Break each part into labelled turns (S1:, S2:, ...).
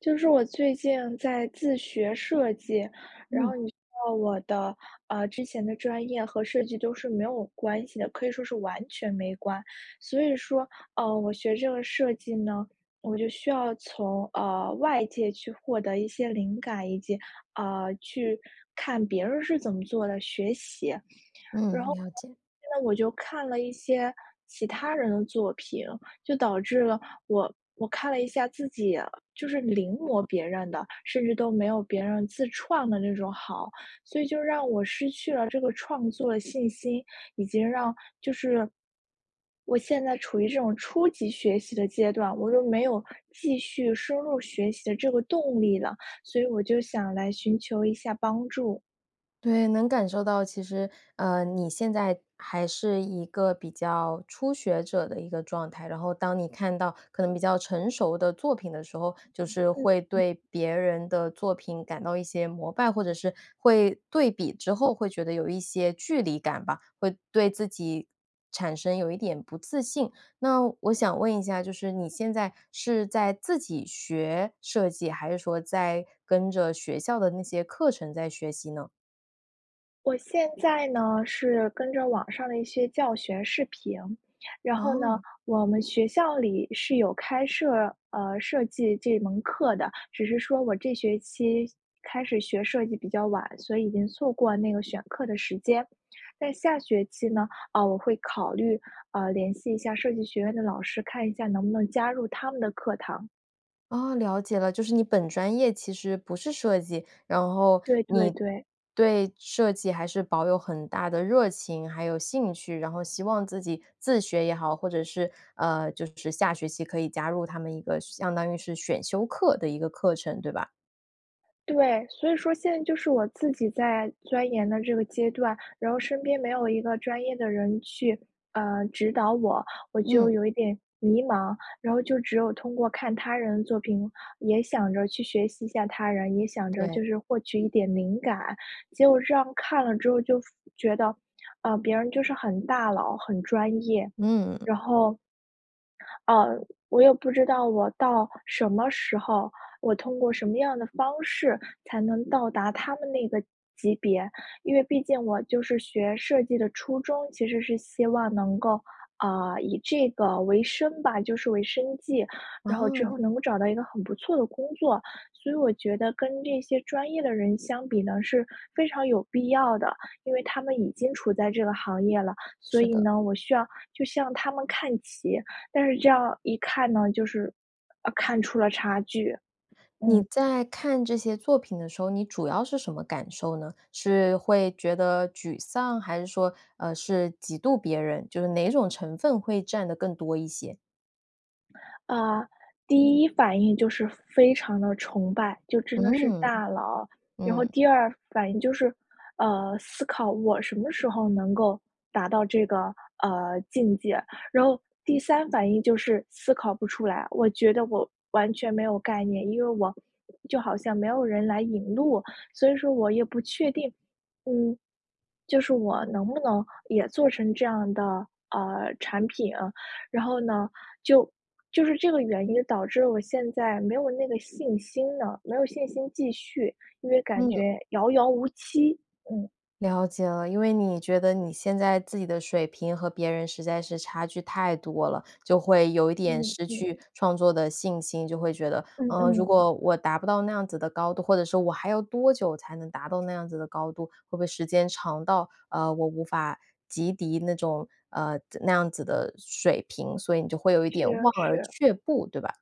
S1: 就是我最近在自学设计，然
S2: 嗯。
S1: 后你知道我的呃，之前的专业和设计都是没有关系的，可以说是完全没关。所以说，呃，我学这个设计呢，我就需要从，呃，外界去获得一些灵感，以及，呃，去看别人是怎么做的，学习。然
S2: 嗯，
S1: 后呢，
S2: 了解。
S1: 现在我就看了一些其他人的作品，就导致了我我看了一下自己就是临摹别人的，甚至都没有别人自创的那种好。所以就让我失去了这个创作的信心，以及让就是，我现在处于这种初级学习的阶段，我都没有继续深入学习的这个动力了，所以我就想来寻求一下帮助。
S2: 对，能感受到，其实，呃，你现在还是一个比较初学者的一个状态，然后当你看到可能比较成熟的作品的时候，就是会
S1: 嗯。
S2: 对别人的作品感到一些膜拜，或者是，会对比之后，会觉得有一些距离感吧，会对自己产生有一点不自信。那我想问一下，就是你现在是在自己学设计，还是说在跟着学校的那些课程在学习呢？
S1: 我现在呢是跟着网上的一些教学视频。然后呢，
S2: 哦。
S1: 我们学校里是有开设，呃，设计这门课的，只是说我这学期开始学设计比较晚，所以已经错过那个选课的时间，但下学期呢，啊，我会考虑，呃，联系一下设计学院的老师，看一下能不能加入他们的课堂。
S2: 哦，了解了，就是你本专业其实不是设计，然后
S1: 对对
S2: 你
S1: 对。
S2: 对设计还是保有很大的热情，还有兴趣，然后希望自己自学也好，或者是，呃，就是下学期可以加入他们一个相当于是选修课的一个课程，对吧？
S1: 对，所以说现在就是我自己在钻研的这个阶段，然后身边没有一个专业的人去，呃，指导我，我就
S2: 嗯。
S1: 有一点迷茫，然后就只有通过看他人的作品，也想着去学习一下他人，也想着
S2: 对。
S1: 就是获取一点灵感，结果这样看了之后就觉得，呃，别人就是很大佬、很专业。
S2: 嗯。
S1: 然后，呃，我也不知道我到什么时候，我通过什么样的方式才能到达他们那个级别。因为毕竟我就是学设计的初衷，其实是希望能够，啊，以这个为生吧，就是为生计，然后之后
S2: 哦。
S1: 能够找到一个很不错的工作，所以我觉得跟这些专业的人相比呢，是非常有必要的。因为他们已经处在这个行业了，所
S2: 是
S1: 以
S2: 的。
S1: 呢，我需要就向他们看齐，但是这样一看呢，就是，呃，看出了差距。
S2: 你
S1: 嗯。
S2: 在看这些作品的时候你主要是什么感受呢？是会觉得沮丧？还是说，呃，是嫉妒别人？就是哪种成分会占得更多一些？
S1: 呃，第一反应就是非常地崇拜，就真的是
S2: 嗯，
S1: 大佬。然后
S2: 嗯。
S1: 第二反应就是，呃，思考我什么时候能够达到这个，呃，境界。然后第三反应就是思考不出来，我觉得我完全没有概念，因为我就好像没有人来引路，所以说我也不确定，嗯，就是我能不能也做成这样的，呃，产品。然后呢，就就是这个原因导致了我现在没有那个信心了，没有信心继续，因为感
S2: 嗯。
S1: 觉遥遥无期，嗯。
S2: 了解了，因为你觉得你现在自己的水平和别人实在是差距太多了，就会有一点
S1: 嗯，
S2: 失
S1: 对的。
S2: 去创作的信心，就会觉得，
S1: 嗯
S2: 嗯，如
S1: 嗯。
S2: 果我达不到那样子的高度，或者说我还要多久才能达到那样子的高度，会不会时间长到，呃，我无法及抵那种呃，那样子的水平，所以你就会有一
S1: 是
S2: 点
S1: 啊，
S2: 望而
S1: 是。
S2: 却步，对吧？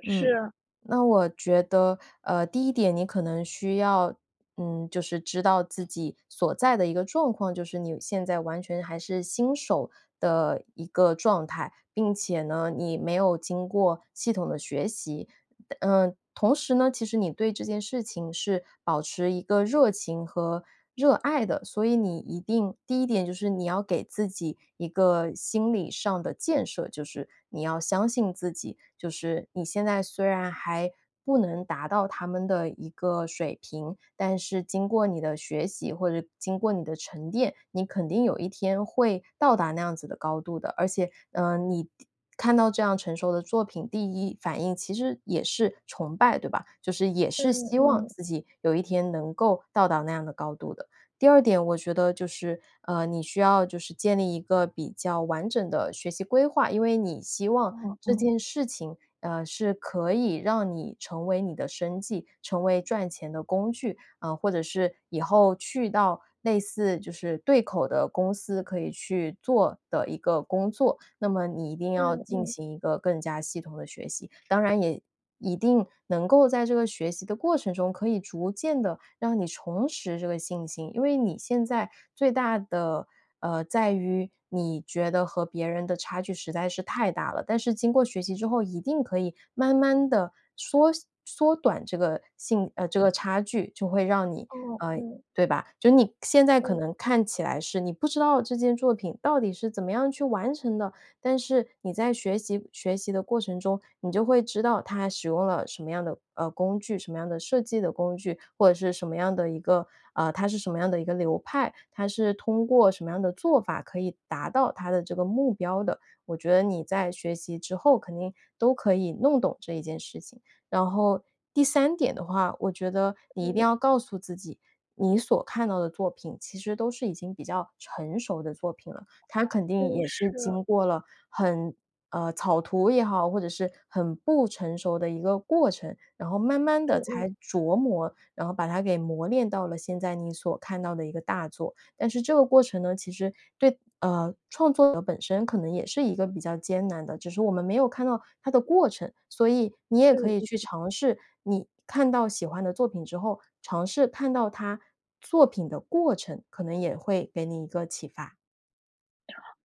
S1: 是
S2: 嗯，
S1: 啊。
S2: 那我觉得，呃，第一点你可能需要，嗯，就是知道自己所在的一个状况，就是你现在完全还是新手的一个状态，并且呢，你没有经过系统的学习。但嗯，同时呢，其实你对这件事情是保持一个热情和热爱的，所以你一定第一点就是你要给自己一个心理上的建设，就是你要相信自己，就是你现在虽然还不能达到他们的一个水平，但是经过你的学习，或者经过你的沉淀，你肯定有一天会到达那样子的高度的。而且，呃，你看到这样成熟的作品，第一反应其实也是崇拜，对吧？就是也是
S1: 嗯
S2: 希望
S1: 嗯。
S2: 自己有一天能够到达那样的高度的。第二点我觉得就是，呃，你需要就是建立一个比较完整的学习规划，因为你希望
S1: 哦
S2: 这
S1: 哦。
S2: 件事情，呃，是可以让你成为你的生计，成为赚钱的工具啊，或者是以后去到类似就是对口的公司可以去做的一个工作。那么你一定要
S1: 嗯
S2: 进
S1: 嗯。
S2: 行一个更加系统的学习，当然也一定能够在这个学习的过程中，可以逐渐地让你重拾这个信心，因为你现在最大的呃，在于你觉得和别人的差距实在是太大了，但是经过学习之后，一定可以慢慢地缩缩短这个信呃，这个差距，就会让你
S1: 哦，
S2: 呃，
S1: 嗯。
S2: 对吧？就你现在可
S1: 嗯。
S2: 能看起来是你不知道这件作品到底是怎么样去完成的，但是你在学习学习的过程中，你就会知道它使用了什么样的，呃，工具，什么样的设计的工具，或者是什么样的一个，啊它是什么样的一个流派，它是通过什么样的做法可以达到它的这个目标的。我觉得你在学习之后，肯定都可以弄懂这一件事情。然后第三点的话，我觉得你一定
S1: 嗯。
S2: 要告诉自己，你所看到的作品其实都是已经比较成熟的作品了，它肯定
S1: 嗯，
S2: 也是
S1: 是。
S2: 经过了很呃，草图也好，或者是很不成熟的一个过程，然后慢慢地
S1: 嗯嗯。
S2: 才琢磨，然后把它给磨炼到了现在你所看到的一个大作。但是这个过程呢，其实对呃，创作者本身可能也是一个比较艰难的，只是我们没有看到它的过程，所以你也可
S1: 嗯
S2: 以去
S1: 嗯。
S2: 尝试你看到喜欢的作品之后，尝试看到它作品的过程，可能也会给你一个启发。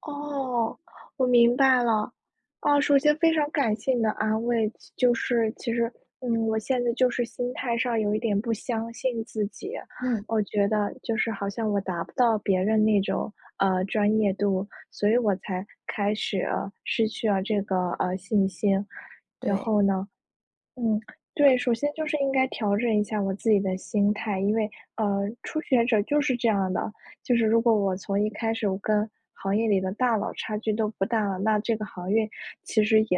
S1: 哦，我明白了。啊，首先非常感谢你的安慰，就就是其实嗯，我现在就是心态上，有一点不相信自己。
S2: 嗯。
S1: 我觉得，就是好像我达不到别人那种，呃，专业度，所以我才开始，呃，失去了这个，呃，信心。然
S2: 对。
S1: 后呢嗯，对。首先就是应该调整一下我自己的心态，因为，呃，初学者就是这样的，就是如果我从一开始，我跟行业里的大佬差距都不大了，那这个行业其实也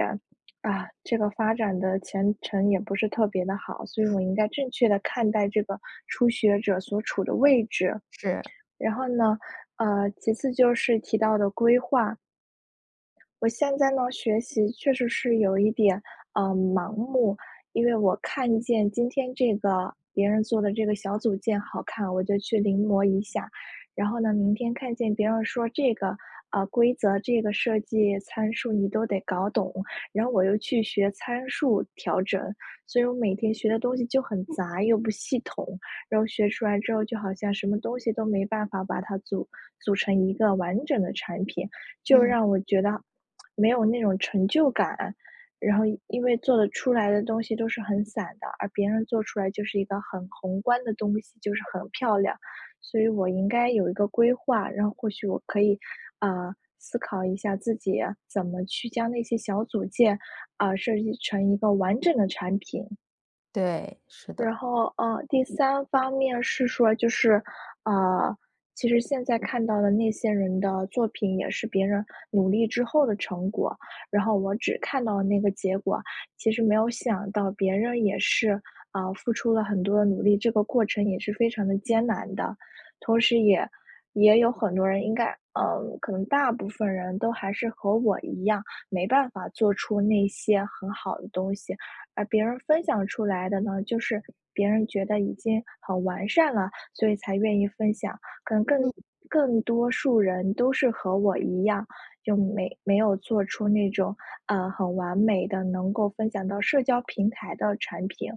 S1: 啊，这个发展的前程，也不是特别地好。所以我应该正确地看待这个初学者所处的位置。
S2: 是。
S1: 然后呢，呃，其次就是提到的规划，我现在呢，学习确实是有一点，呃，盲目，因为我看见今天这个别人做的这个小组件好看，我就去临摹一下。然后呢，明天看见别人说这个，呃，规则、这个设计参数你都得搞懂，然后我又去学参数调整。所以我每天学的东西就很杂，又不系统，然后学出来之后，就好像什么东西都没办法把它组组成一个完整的产品，就让
S2: 嗯。
S1: 我觉得 没有那种成就感。然后因为做的出来的东西都是很散的，而别人做出来就是一个很宏观的东西，就是很漂亮。所以我应该有一个规划，然后或许我可以，呃，思考一下自己，怎么去将那些小组件，呃，设计成一个完整的产品。
S2: 对，是的。
S1: 然后，呃，第三方面是说就是，呃，其实现在看到的那些人的作品，也是别人努力之后的成果，然后我只看到了那个结果，其实没有想到别人也是，呃，付出了很多的努力，这个过程也是非常地艰难的。同时也也有很多人应该呃，可能大部分人都还是和我一样，没办法做出那些很好的东西，而别人分享出来的呢，就是别人觉得已经很完善了，所以才愿意分享，可能更
S2: 嗯。
S1: 更多数人都是和我一样，就没没有做出那种，呃，很完美的能够分享到社交平台的产品。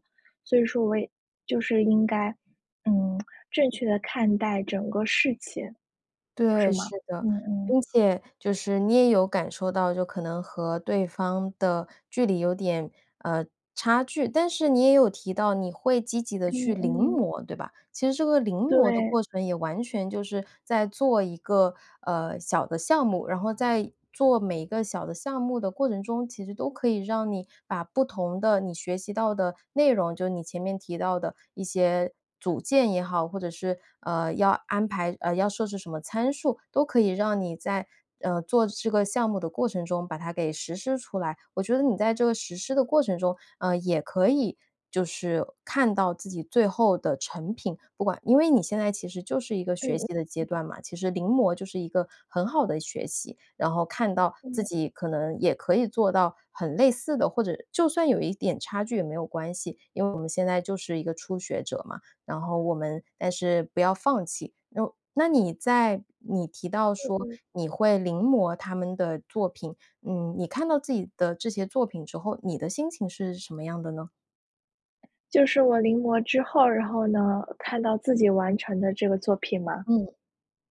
S1: 所以说我也就是应该，嗯，正确地看待整个事情。是
S2: 对，
S1: 吗？
S2: 是的。
S1: 嗯嗯。
S2: 并且就是你也有感受到就可能和对方的距离有点，呃，差距，但是你也有提到你会积极地去
S1: 嗯
S2: 临
S1: 嗯。
S2: 摹，对吧？其实这个临摹的
S1: 对。
S2: 过程也完全就是在做一个，呃，小的项目，然后在做每一个小的项目的过程中，其实都可以让你把不同的，你学习到的内容，就你前面提到的一些组件也好，或者是，呃，要安排呃，要设置什么参数都可以让你在，呃，做这个项目的过程中把它给实施出来。我觉得你在这个实施的过程中，呃，也可以就是看到自己最后的成品。不管因为你现在其实就是一个学习的阶
S1: 嗯。
S2: 段嘛，其实临摹就是一个很好的学习。然后看到自
S1: 嗯。
S2: 己可能也可以做到很类似的，或者就算有一点差距也没有关系，因为我们现在就是一个初学者嘛。然后我们但是不要放弃，然后那你在你提到
S1: 嗯
S2: 说，
S1: 嗯。
S2: 你会临摹他们的作品，嗯，你看到自己的这些作品之后，你的心情是什么样的呢？
S1: 就是我临摹之后，然后呢？看到自己完成的这个作品吗？
S2: 嗯，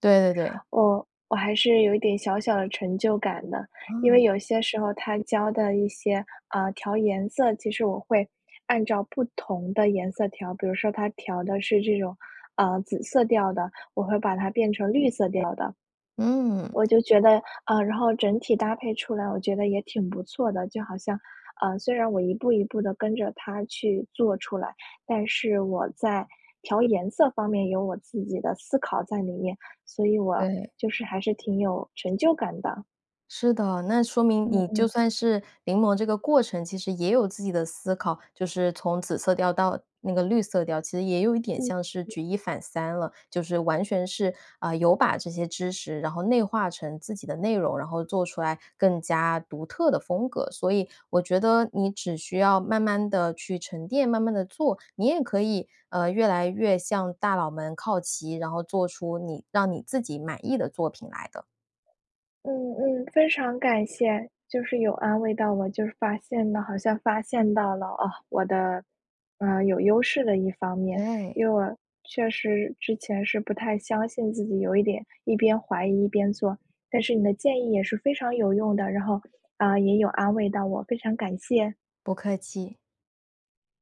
S2: 对对对。
S1: 哦，我还是有一点小小的成就感的，因为
S2: 嗯。
S1: 有些时候它教的一些，呃，调颜色，其实我会按照不同的颜色调，比如说他调的是这种，呃，紫色调的，我会把它变成绿色调的。
S2: 嗯。
S1: 我就觉得呃，然后整体搭配出来，我觉得也挺不错的。就好像，呃，虽然我一步一步地跟着它去做出来，但是我在调颜色方面有我自己的思考在里面，所以我
S2: 对。
S1: 就是还是挺有成就感的。
S2: 是的，那说明
S1: 嗯
S2: 你就
S1: 嗯。
S2: 算是临摹这个过程其实也有自己的思考，就是从紫色调到那个绿色调，其实也有一点
S1: 嗯，
S2: 像是
S1: 嗯。
S2: 举一反三了，就是完全是，呃，有把这些知识，然后内化成自己的内容，然后做出来更加独特的风格，所以我觉得你只需要慢慢地去沉淀，慢慢地做，你也可以，呃，越来越向大佬们靠齐，然后做出你让你自己满意的作品来的。
S1: 嗯，嗯，非常感谢，就是有安慰到我，就是发现了好像发现到了，啊，我的，嗯，有优势的一方面，
S2: 对。
S1: 因为我确实之前是不太相信自己，有一点一边怀疑一边做，但是你的建议也是非常有用的，然后，呃，也有安慰到我，非常感谢。
S2: 不客气。